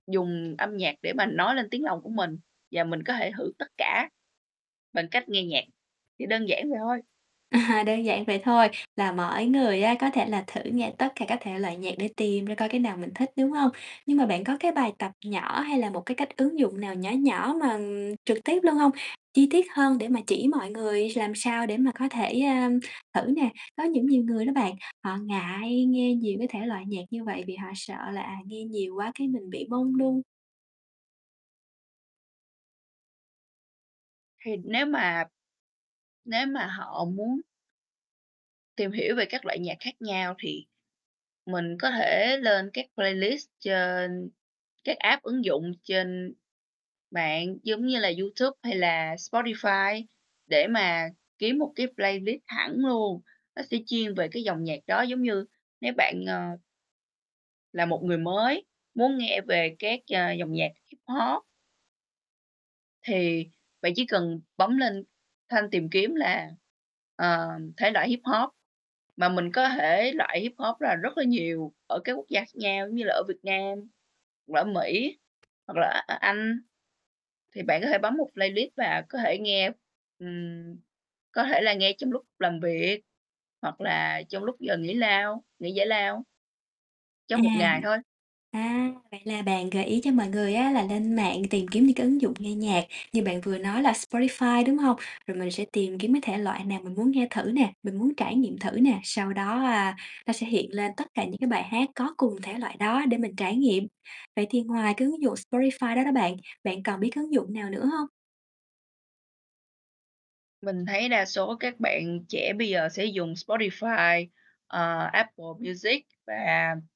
Dùng âm nhạc để mà nói lên tiếng lòng của mình và mình có thể thử tất cả, bằng cách nghe nhạc, chỉ đơn giản vậy thôi. À, đơn giản vậy thôi, là mỗi người á, có thể là thử nghe tất cả các thể loại nhạc để tìm ra coi cái nào mình thích, đúng hông? Nhưng mà bạn có cái bài tập nhỏ, hay là một cái cách ứng dụng nào nhỏ nhỏ mà, ừm, trực tiếp luôn hông, chi tiết hơn để mà chỉ mọi người làm sao để mà có thể, a, thử nè? Có những nhiều người đó bạn, họ ngại nghe nhiều cái thể loại nhạc như vậy vì họ sợ là, à, nghe nhiều quá cái mình bị mông lung. Thì nếu mà nếu mà họ muốn tìm hiểu về các loại nhạc khác nhau thì mình có thể lên các playlist trên các app, ứng dụng trên mạng giống như là YouTube hay là Spotify để mà kiếm một cái playlist hẳn luôn. Nó sẽ chuyên về cái dòng nhạc đó giống như nếu bạn, ờ là một người mới muốn nghe về các, ờ, dòng nhạc Hip-hop thì bạn chỉ cần bấm lên thanh tìm kiếm là, ờ, thể loại Hip-hop. Mà mình có thể loại Hip-hop là rất là nhiều ở các quốc gia khác nhau giống như là ở Việt Nam, [unintelligible] Mỹ, hoặc là, A A Anh. Thì bạn có thể bấm một playlist và có thể nghe ừm, có thể là nghe trong lúc làm việc, hoặc là trong lúc giờ nghỉ lao nghỉ giải lao cho À. một ngày thôi. À, vậy là bạn gợi ý cho mọi người á, là lên mạng tìm kiếm những cái ứng dụng nghe nhạc như bạn vừa nói là Spotify, đúng hông? Rồi mình sẽ tìm kiếm cái thể loại nào mình muốn nghe thử nè, mình muốn trải nghiệm thử nè, sau đó, a, nó sẽ hiện lên tất cả những cái bài hát có cùng thể loại đó để mình trải nghiệm. Vậy thì ngoài cái ứng dụng Spotify đó đó bạn, bạn còn biết cái ứng dụng nào nữa hông? Mình thấy đa số các bạn trẻ bây giờ sẽ dùng Spotify, ờ, Apple Music và